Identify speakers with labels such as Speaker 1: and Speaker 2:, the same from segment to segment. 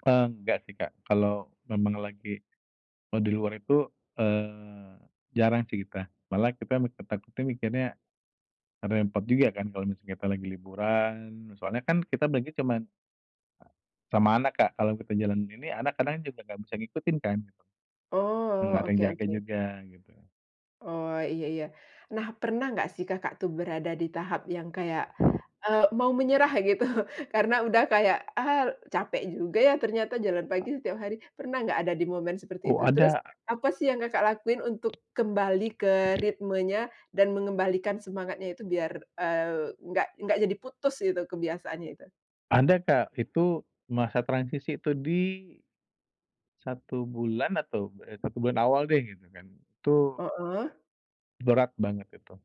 Speaker 1: Enggak sih, Kak, kalau memang lagi kalau di luar itu, eee, jarang sih kita. Malah kita mi takutnya mikirnya, karna ya repot juga kan, kalau misalnya kita lagi liburan. Soalnya kan kita berangkat cuman Sama anak, Kak, kalau kita jalan ini anak kadang juga nggak bisa ngikutin kan gitu. Enggak
Speaker 2: Oh,
Speaker 1: ada yang
Speaker 2: oke
Speaker 1: jaga
Speaker 2: oke.
Speaker 1: juga gitu.
Speaker 2: Oh, iya iya. Nah, pernah gak sih, Kakak, tuh berada di tahap yang kayak, eee, mau menyerah gitu. Karena udah kayak, ah, capek juga ya, ternyata jalan pagi setiap hari, pernah gak ada di momen seperti
Speaker 1: Oh,
Speaker 2: itu? Terus
Speaker 1: ada.
Speaker 2: apa sih yang, Kakak, lakuin untuk kembali ke ritmenya dan mengembalikan semangatnya itu biar, eee, nggak enggak jadi putus itu kebiasaannya itu?
Speaker 1: Ada, Kak, itu masa transisi, itu di, 1 bulan atau eee, 1 bulan awal deh gitu kan, itu
Speaker 2: Heeh.
Speaker 1: Berat banget itu.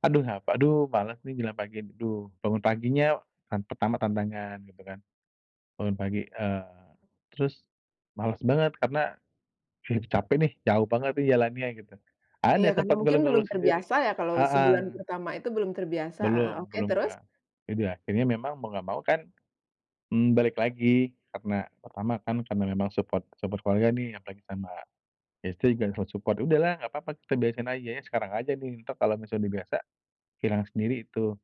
Speaker 1: Aduh a aduh, malas nih jalan pagi. Duh, bangun paginya, hari pertama tantangan gitu kan. Bangun pagi, eee, terus, malas banget karena, capek deh, jauh banget nih jalannya gitu. Ada
Speaker 2: Iya, karena
Speaker 1: sempat
Speaker 2: mungkin belum
Speaker 1: ngeluh-ngeluh sendiri,
Speaker 2: terbiasa ya, kalau sebulan
Speaker 1: heeh.
Speaker 2: pertama itu belum terbiasa, heeh,
Speaker 1: Belum
Speaker 2: oke,
Speaker 1: belum,
Speaker 2: terus?
Speaker 1: Kak. Jadi, akhirnya memang mau nggak mau kan, hmm, balik lagi karena, pertama kan karena memang support support keluarga nih, apalagi sama, istri [unintelligible] support. Udahlah nggak apa-apa kita beresin aja ya sekarang aja nih. Entar kalau misal udah biasa, hilang sendiri itu.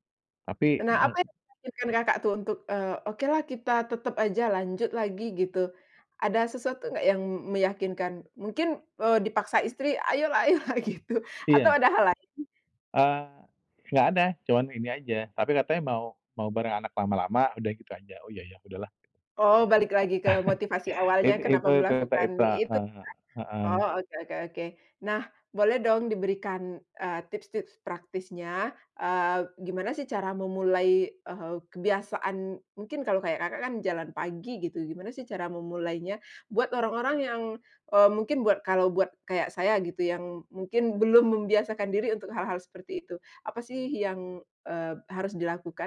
Speaker 1: Tapi
Speaker 2: Nah, apa
Speaker 1: meng
Speaker 2: yang, [unintelligible] Kakak, tuh untuk, eee, okelah kita tetap aja lanjut lagi gitu. Ada sesuatu nggak yang meyakinkan mungkin, eee, dipaksa istri, ayolah ayolah gitu, atau
Speaker 1: Iya.
Speaker 2: ada hal lain?
Speaker 1: Eee, enggak ada, cuman ini saja, tapi katanya mau mau bareng anak lama-lama, udah gitu saja. Oh ya ya, udahlah.
Speaker 2: Oh, balik lagi ke motivasi
Speaker 1: It
Speaker 2: awalnya,
Speaker 1: itu
Speaker 2: kenapa
Speaker 1: itu itu
Speaker 2: melakukan
Speaker 1: ita
Speaker 2: itu ya.
Speaker 1: heeh heeh.
Speaker 2: Oh, oke oke oke. Nah, boleh dong diberikan, eee, tips-tips praktisnya, eee, gimana sih cara memulai, eee, kebiasaan. Mungkin kalau kayak, Kakak, kan jalan pagi gitu, gimana sih cara memulainya buat orang-orang yang, eee, mungkin buat kalau buat kayak saya gitu yang mungkin belum membiasakan diri untuk hal-hal seperti itu, apa sih yang, eee, harus dilakukan?